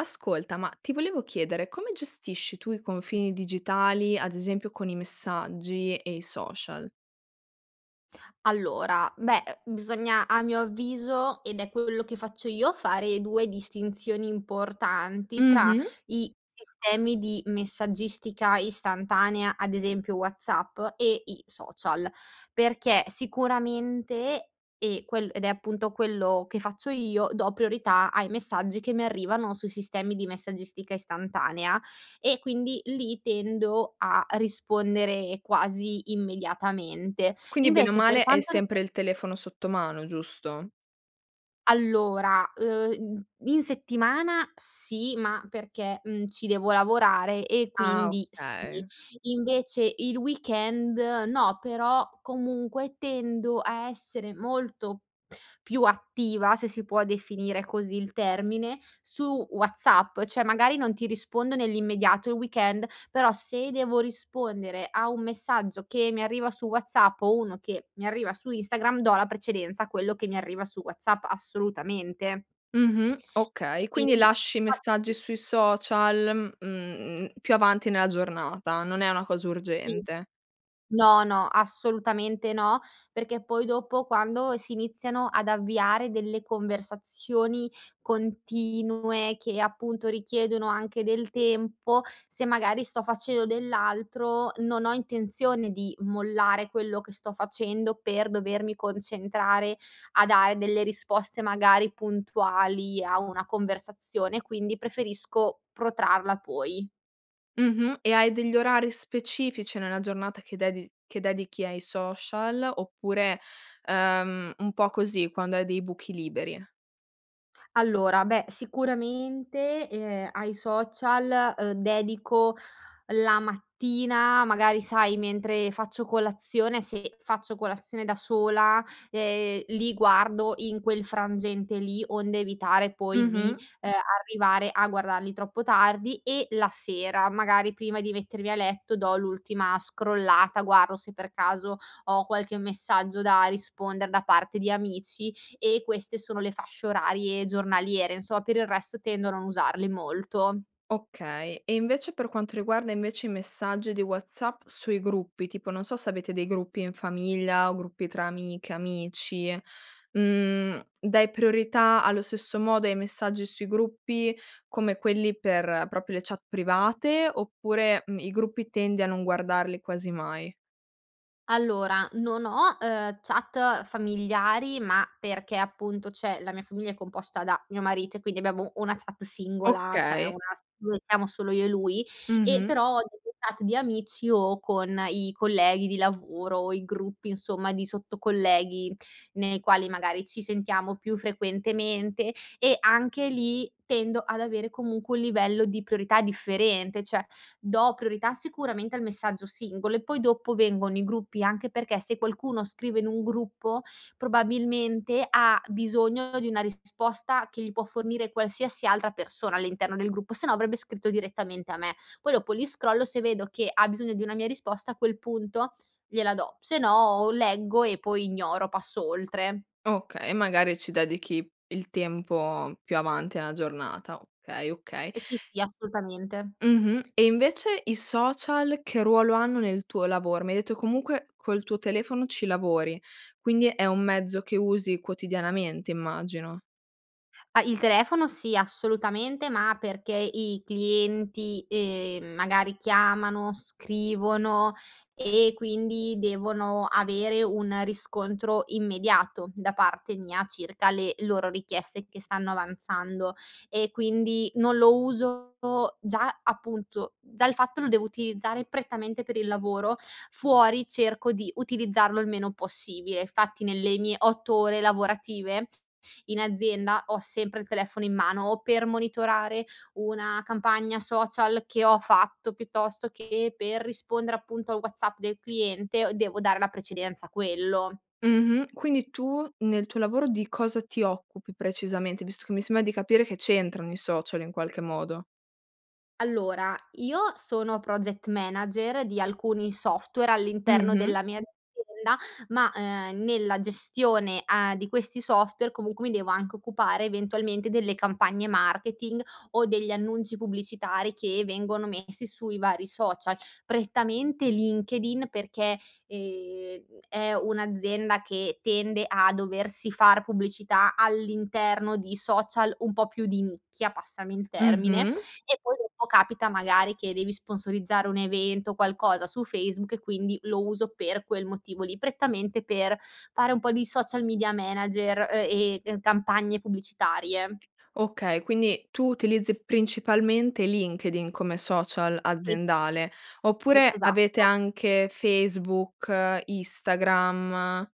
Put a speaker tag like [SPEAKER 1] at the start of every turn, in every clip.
[SPEAKER 1] Ascolta ma ti volevo chiedere, come gestisci tu i confini digitali ad esempio con i messaggi e i social?
[SPEAKER 2] Allora, beh, uhm, bisogna a mio avviso, ed è quello che faccio io, fare 2 distinzioni importanti tra
[SPEAKER 1] Mh-mh.
[SPEAKER 2] i sistemi di messaggistica istantanea ad esempio WhatsApp e i social. Perché sicuramente, e quel ed è appunto quello che faccio io, do priorità ai messaggi che mi arrivano sui sistemi di messaggistica istantanea e quindi lì tendo a rispondere quasi immediatamente.
[SPEAKER 1] Quindi bene o
[SPEAKER 2] Invece per
[SPEAKER 1] male hai
[SPEAKER 2] quanto rig
[SPEAKER 1] sempre il telefono sotto mano, giusto?
[SPEAKER 2] Allora, uhm, i in settimana sì ma perché, mhmm, ci devo lavorare e
[SPEAKER 1] Ah,
[SPEAKER 2] quindi sì;
[SPEAKER 1] okay.
[SPEAKER 2] invece il weekend no, però comunque tendo a essere molto più attiva, se si può definire così il termine, su WhatsApp. Cioè magari non ti rispondo nell'immediato il weekend, però se devo rispondere a un messaggio che mi arriva su WhatsApp o uno che mi arriva su Instagram do la precedenza a quello che mi arriva su WhatsApp assolutamente
[SPEAKER 1] Mh-mh.
[SPEAKER 2] e
[SPEAKER 1] Okay, quindi
[SPEAKER 2] quindi
[SPEAKER 1] lasci i
[SPEAKER 2] faccio
[SPEAKER 1] messaggi sui social, mhmm, più avanti nella giornata. Non è una cosa
[SPEAKER 2] Sì.
[SPEAKER 1] urgente.
[SPEAKER 2] No, no, assolutamente no, perché poi dopo quando si iniziano ad avviare delle conversazioni continue che, appunto, richiedono anche del tempo se magari sto facendo dell'altro, non ho intenzione di mollare quello che sto facendo per dovermi concentrare a dare delle risposte magari puntuali a una conversazione, quindi preferisco protrarla poi.
[SPEAKER 1] Mh-mh, e hai degli orari specifici nella giornata che dedi che dedichi ai social oppure, ehm, un po' così quando hai dei buchi liberi?
[SPEAKER 2] Allora, beh, sicuramente, ehm, ai social, uhm, dedico la mattina magari sai mentre faccio colazione, se faccio colazione da sola, ehm, li guardo in quel frangente lì, onde evitare poi di,
[SPEAKER 1] Mh-mh.
[SPEAKER 2] ehm, arrivare a guardarli troppo tardi, e la sera, magari prima di mettermi a letto do l'ultima scrollata, guardo se per caso ho qualche messaggio da rispondere da parte di amici. E queste sono le fasce orarie giornaliere insomma. Per il resto tendo a non usarli molto.
[SPEAKER 1] Okay, e invece per quanto riguarda invece i messaggi di WhatsApp sui gruppi, tipo non so se avete dei gruppi in famiglia o gruppi tra amiche, amici, mhmm, dai priorità allo stesso modo ai messaggi sui gruppi come quelli per proprio le chat private oppure mhmm, i gruppi tendi a non guardarli quasi mai?
[SPEAKER 2] Allora non ho, ehm, chat familiari ma perché appunto, cioè, la mia famiglia è composta da mio marito e quindi abbiamo una chat singola, cioè una
[SPEAKER 1] Okay.
[SPEAKER 2] s dove siamo solo io e lui, e
[SPEAKER 1] Mh-mh.
[SPEAKER 2] però nelle chat di amici o con i colleghi di lavoro o i gruppi insomma di sotto-colleghi, nei quali magari ci sentiamo più frequentemente, e anche lì tendo ad avere comunque un livello di priorità differente, cioè do priorità sicuramente al messaggio singolo e poi dopo vengono i gruppi, anche perché se qualcuno scrive in un gruppo probabilmente ha bisogno di una risposta che gli può fornire qualsiasi altra persona all'interno del gruppo se no avrebbe scritto direttamente a me. Poi dopo li scrollo se vedo che ha bisogno di una mia risposta a quel punto gliela do. Se no o leggo e poi ignoro, passo oltre.
[SPEAKER 1] Okay e magari ci dedichi il tempo più avanti nella giornata, okay, okay.
[SPEAKER 2] Ehm, si, sì assolutamente.
[SPEAKER 1] Mh-mh. E invece i social che ruolo hanno nel tuo lavoro? Mi hai detto comunque col tuo telefono ci lavori quindi è un mezzo che usi quotidianamente immagino.
[SPEAKER 2] Ah, il telefono sì, assolutamente ma perché i clienti, ehm, magari chiamano, scrivono e quindi devono avere un riscontro immediato da parte mia circa le loro richieste che stanno avanzando. E quindi non lo uso già appunto già il fatto lo devo utilizzare prettamente per il lavoro, fuori cerco di utilizzarlo il meno possibile. Infatti nelle mie 8 ore lavorative, in azienda ho sempre il telefono in mano o per monitorare una campagna social che ho fatto, piuttosto che per rispondere appunto al WhatsApp del cliente devo dare la precedenza a quello.
[SPEAKER 1] Mh-mh, quindi tu nel tuo lavoro di cosa ti occupi precisamente, visto che mi sembra di capire che c'entrano i social in qualche modo.
[SPEAKER 2] Allora, io sono Project Manager di alcuni software all'interno
[SPEAKER 1] Mh-mh.
[SPEAKER 2] della mia azienda, ma, uhm, nella gestione a di questi software, comunque, mi devo anche occupare, eventualmente, delle campagne marketing, o degli annunci pubblicitari che vengono messi sui vari social. Prettamente LinkedIn perché, ehm, è un'azienda che tende a doversi far pubblicità all'interno di social un po' più di nicchia, passami il termine.
[SPEAKER 1] Mh-mh.
[SPEAKER 2] E, poi dopo capita, magari, che devi sponsorizzare un evento, qualcosa su Facebook, e quindi, lo uso per quel motivo lì, prettamente per fare un po' di social media manager, uhm, e, uhm, campagne pubblicitarie.
[SPEAKER 1] Okay, quindi tu utilizzi principalmente LinkedIn come social
[SPEAKER 2] Sì.
[SPEAKER 1] aziendale,
[SPEAKER 2] I,
[SPEAKER 1] oppure avete
[SPEAKER 2] esatto.
[SPEAKER 1] anche Facebook, Instagram?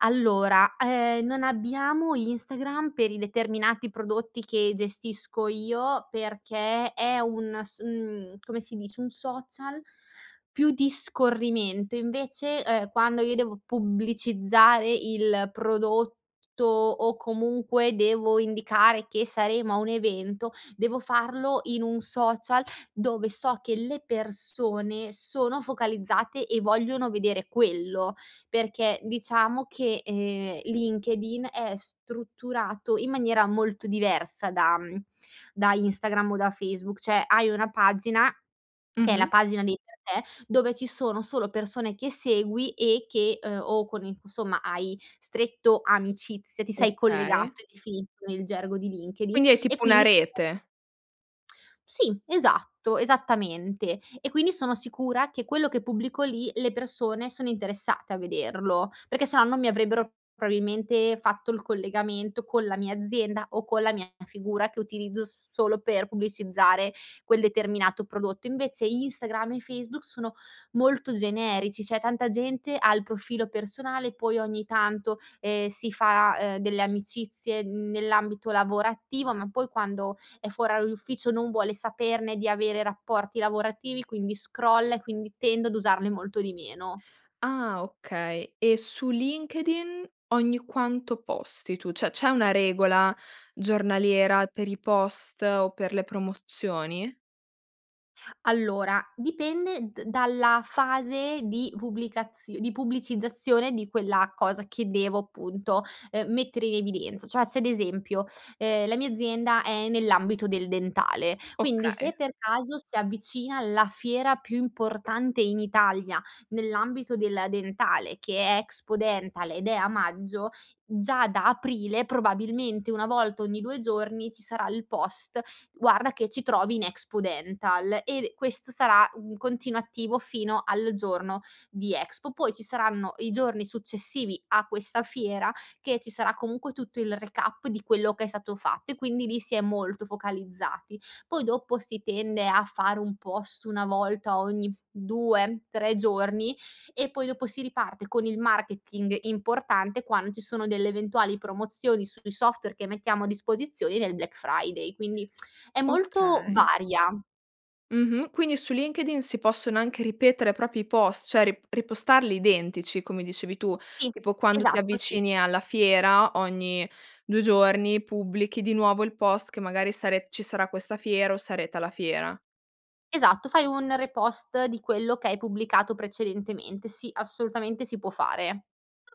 [SPEAKER 2] Allora, uhm, non abbiamo Instagram per i determinati prodotti che gestisco io, perché è un s mhmm, come si dice, un social più di scorrimento, invece, uhm, quando io devo pubblicizzare il prodotto, o comunque, devo indicare che saremo a un evento, devo farlo in un social dove so che le persone sono focalizzate, e vogliono vedere quello, perché, diciamo che, ehm, LinkedIn è strutturato in maniera molto diversa da mhmm, da Instagram o da Facebook. Cioè, hai una pagina, che è la
[SPEAKER 1] Mh-mh.
[SPEAKER 2] pagina dei per te, dove ci sono solo persone che segui e che uhm, o con i cu somma, hai stretto amicizia ti sei
[SPEAKER 1] Okay.
[SPEAKER 2] collegato, è definito nel gergo di LinkedIn,
[SPEAKER 1] Quindi è
[SPEAKER 2] e
[SPEAKER 1] tipo una
[SPEAKER 2] quindi si [unintelligible]
[SPEAKER 1] rete.
[SPEAKER 2] Sì, esatto. Esattamente. E, quindi, sono sicura che quello che pubblico lì, le persone sono interessate a vederlo, perché se no non mi avrebbero probabilmente fatto il collegamento con la mia azienda, o con la mia figura, che utilizzo s solo per pubblicizzare quel determinato prodotto. Invece, Instagram e Facebook sono molto generici. Cioè, tanta gente ha il profilo personale, poi ogni tanto, ehm, si fa, uhm, delle amicizie nell'ambito lavorativo, ma, poi, quando è fuor orario d'ufficio non vuole saperne di avere rapporti lavorativi, quindi scrolla, e quindi tendo ad usarne molto di meno.
[SPEAKER 1] Ah, okay. E, su LinkedIn ogni quanto posti tu? Cioè, c'è una regola giornaliera per i post, o per le promozioni?
[SPEAKER 2] Allora, dipende d dalla fase di pubblicazi di pubblicizzazione di quella cosa che devo, punto, uhm, mettere in evidenz cioè se ad esempio, ehm, la mia azienda è nell'ambito del dentale, quindi,
[SPEAKER 1] Okay.
[SPEAKER 2] se per caso si avvicina la fiera più importante in Italia nell'ambito della dentale, che è Expodental, ed è a Maggio, già da Aprile probabilmente 1 volta ogni 2 giorni ci sarà il post: "Guarda che ci trovi in Expodental." E, questo sarà un continuativo fino al giorno di Expo. Poi, ci saranno i giorni successivi a questa fiera che ci sarà, comunque, tutto il recap di quello che è stato fatto, e quindi lì si è molto focalizzati. Poi dopo si tende a fare un post una volta ogni 2,3 giorni, e poi, dopo si riparte con il marketing importante, quand ci sono delle eventuali promozioni sui software che mettiamo a disposizione nel Black Friday. Quindi, è molto
[SPEAKER 1] Okay.
[SPEAKER 2] varia.
[SPEAKER 1] Mh-mh. Quindi, su LinkedIn si possono anche ripetere proprio i post, cioè re repostarli identici, come dicevi tu,
[SPEAKER 2] Sì,
[SPEAKER 1] tipo quando ti
[SPEAKER 2] Esatto, sì.
[SPEAKER 1] avvicini alla fiera ogni 2 giorni, pubblichi di nuovo il post che, magari, sare ci sarà questa fiera, o sarete alla fiera.
[SPEAKER 2] Esatto, fai un repost di quello che hai pubblicato precedentemente. Sì. Assolutamente si può fare.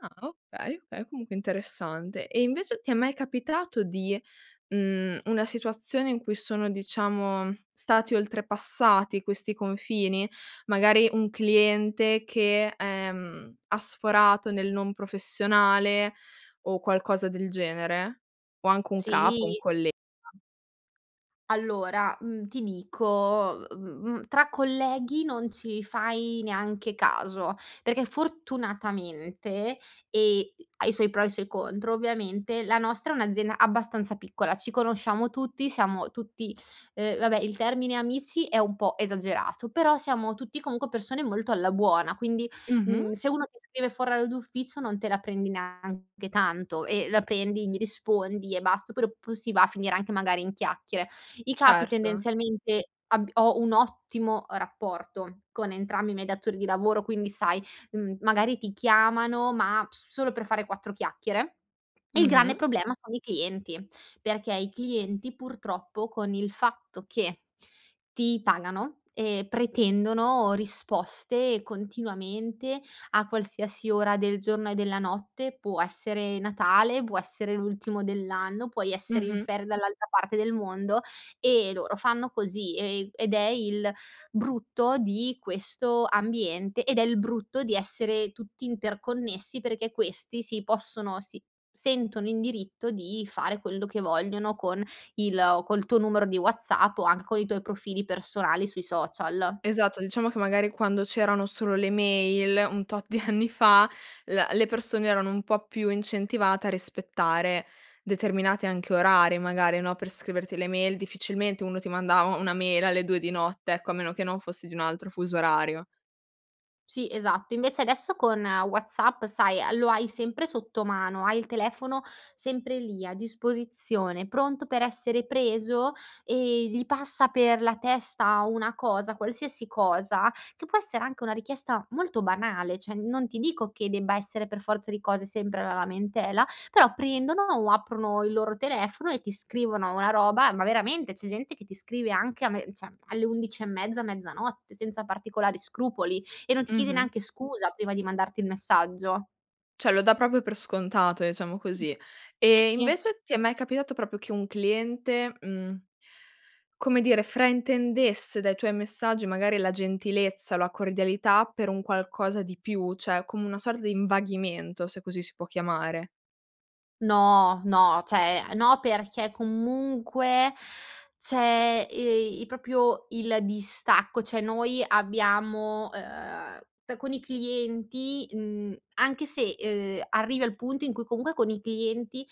[SPEAKER 1] Ah, okay, okay. Comunque, interessante. E, invece ti è mai capitato di mhmm, una situazione in cui sono, diciamo, stati oltrepassati questi confini? Magari, un cliente che, ehm, ha sforato nel non professionale o qualcosa del genere? O anche un capo, un
[SPEAKER 2] Sì.
[SPEAKER 1] collega?
[SPEAKER 2] Allora, mhmm, ti dico, uhm, mhmm, tra colleghi non ci fai neanche caso, perché fortunatamente ehm ha i suoi pro e i suoi contro, ovviamente, la nostra è un'azienda abbastanza piccola. Ci conosciamo tutti, siamo tutti uhm, vabbè il termine amici è un po' esagerato, però siamo tutti, comunque, persone molto alla buona, quindi,
[SPEAKER 1] Mh-mh.
[SPEAKER 2] mhmm, se uno ti scrive fuor orario d'ufficio non te la prendi neanche tanto, e la prendi gli rispondi, e bast però p si va a finire anche magari in chiacchiere. I capi,
[SPEAKER 1] Certo.
[SPEAKER 2] tendenzialmente, abb ho un ottimo, uhm, rapporto con entrambi i miei datori di lavoro. Quindi, sai, mhmm, magari, ti chiamano, ma p solo per fare 4 chiacchiere. Il grande
[SPEAKER 1] Mh-mh.
[SPEAKER 2] problema sono i clienti, perché i clienti, purtroppo, con il fatto che ti pagano, ehm, pretendono risposte continuamente, a qualsiasi ora del giorno e della notte. Può essere Natale, può essere l'ultimo dell'anno, puoi essere in
[SPEAKER 1] Mh-mh.
[SPEAKER 2] ferie dall'altra parte del mondo, e loro fanno così, e, ehm, ed è il brutto di questo ambiente, ed è il brutto di essere tutti interconnessi, perché questi si possono si sentono in diritto di fare quello che vogliono con il col tuo numero di WhatsApp, o anche con i tuoi profili personali sui social.
[SPEAKER 1] Esatto, diciamo, che, magari, quando c'erano solo le mail un tot di anni fa, l le persone erano un po' più incentivate a rispettare determinati anche orari magari, no, per scriverti le mail. Difficilmente, uno ti mandava una mail alle 2 di notte, ecco, a meno che non fossi di un altro fuso orario.
[SPEAKER 2] Sì, esatto. Invece, adesso con WhatsApp, sai, lo hai sempre sotto mano, hai il telefono sempre lì, a disposizione, pronto per essere preso, e gli passa per la testa una cosa, qualsiasi cosa, che può essere anche una richiesta molto banale, cioè, non ti dico che debba essere per forza di cose sempre la lamentela, però prendono, o aprono il loro telefono, e ti scrivono una roba, ma, veramente c'è gente che ti scrive anche a me cioè, alle 11 e mezza, mezzanotte, senza particolari scrupoli, e non ti chiede
[SPEAKER 1] Mh-mh.
[SPEAKER 2] neanche scusa prima di mandarti il messaggio.
[SPEAKER 1] Cioè, lo dà proprio per scontato, diciamo
[SPEAKER 2] Sì.
[SPEAKER 1] così.
[SPEAKER 2] Sì,
[SPEAKER 1] E,
[SPEAKER 2] sì.
[SPEAKER 1] invece ti è mai capitato proprio che un cliente, mhmm, come dire, fraintendesse dai tuoi messaggi, magari, la gentilezza, la cordialità, per un qualcosa di più, cioè, come una sorta di invaghimento, se così si può chiamare?
[SPEAKER 2] No, no. Cioè, uhm, no perché comunque, c'è, ehm, i proprio il distacco, cioè noi abbiamo uhm, c con i clienti mhmm, anche se, uhm, arrivi al punto in cui, comunque, con i clienti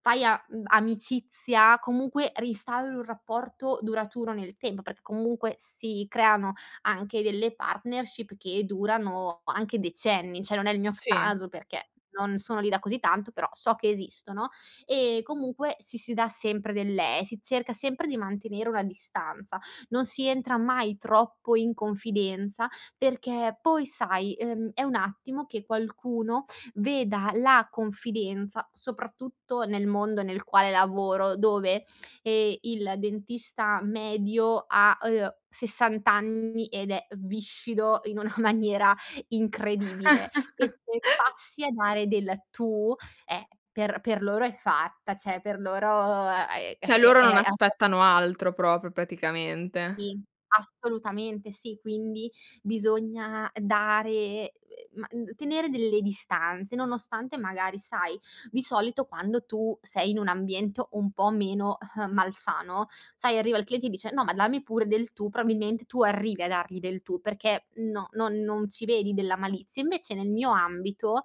[SPEAKER 2] fai a mhmm, amicizia, comunque, ristauri un rapporto duraturo nel temp perché comunque si creano anche delle partnership che durano anche decenni, cioè, non è il mio
[SPEAKER 1] Sì.
[SPEAKER 2] caso perché non sono lì da così tanto, però so che esistono, e comunque si, si dà sempre del le si cerca sempre di mantenere una distanza, non si entra mai troppo in confidenza, perché, poi, sai, uhm, è un attimo che qualcuno veda la confidenza soprattutto, nel mondo nel quale lavoro, dove, ehm, il dentista medio ha, uhm, 60 anni, ed è viscido in una maniera incredibile, e se passi a dare del tu è per per loro è fatta, cioè per loro è es
[SPEAKER 1] Cioè, loro
[SPEAKER 2] è
[SPEAKER 1] non
[SPEAKER 2] ape
[SPEAKER 1] aspettano altro, proprio, praticamente.
[SPEAKER 2] Sì. Assolutamente, sì. Quindi, bisogna dare, uhm, ma d tenere delle distanze, nonostante, magari, sai, di solito quando tu sei in un ambiento un po' meno malsano, sai, arriva il cliente, e dice: "No, ma dammi pure del tu." Probabilment tu arrivi a dargli del tu perché, no, non non ci vedi della malizia, invece nel mio ambito,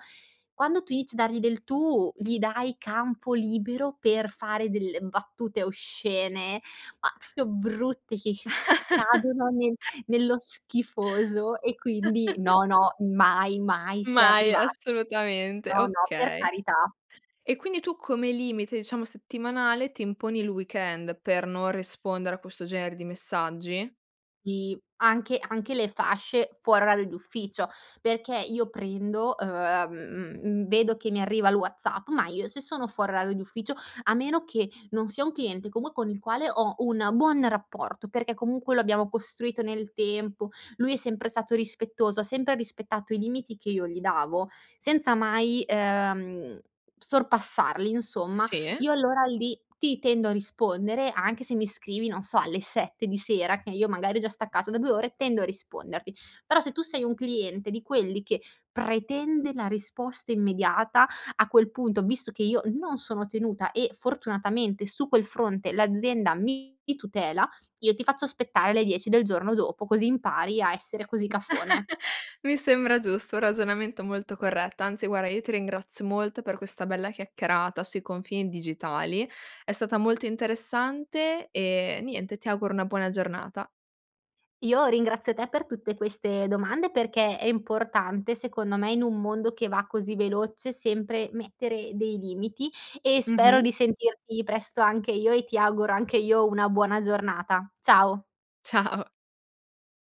[SPEAKER 2] quando tu inizi a dargli del tu, gli dai campo libero per fare delle battute oscene, ma f proprio brutte, che che scadono nel nello schifoso, e quindi no, no mai si è
[SPEAKER 1] Mai.
[SPEAKER 2] arriva
[SPEAKER 1] Assolutamente.
[SPEAKER 2] no, no, per
[SPEAKER 1] Okay.
[SPEAKER 2] carità.
[SPEAKER 1] E, quindi tu come limite, diciamo, settimanale ti imponi il weekend, per non rispondere a questo genere di messaggi?
[SPEAKER 2] I, anche anche le fasce fuori orario d'ufficio, perché io prendo uhm, mhmm, vedo che mi arriva il WhatsApp, ma io se sono fuori orario d'ufficio a meno che non sia un cliente, com con il quale ho un buon rapporto, perché, comunque, lo abbiamo costruito nel tempo, lui è sempre stato rispettoso, ha sempre rispettato i limiti che io gli davo, senza mai, uhm, sorpassarli insomma,
[SPEAKER 1] Sì.
[SPEAKER 2] io allora lì ti tendo a rispondere, anche se mi scrivi non so alle 7 di sera, che io magari ho già staccato da 2 ore, tendo a risponderti. Però, se tu sei un cliente di quelli che pretende la risposta immediata, a quel punto, visto che io non sono tenuta e, fortunatamente su quel fronte l'azienda mi tutela, io ti faccio aspettare le 10 del giorno dopo, così impari a essere così cafone.
[SPEAKER 1] Mi sembra giusto, un ragionamento molto corretto. Anzi, guarda, io ti ringrazio molto per questa bella chiacchierata sui confini digitali. È stata molto interessante, e niente, ti auguro una buona giornata.
[SPEAKER 2] Io ringrazio te per tutte queste domande, perché è importante secondo me in un mondo che va così veloce, sempre mettere dei limiti, e spero
[SPEAKER 1] Mh-mh.
[SPEAKER 2] di sentirti presto anche io, e ti auguro anche io una buona giornata. Ciao.
[SPEAKER 1] Ciao.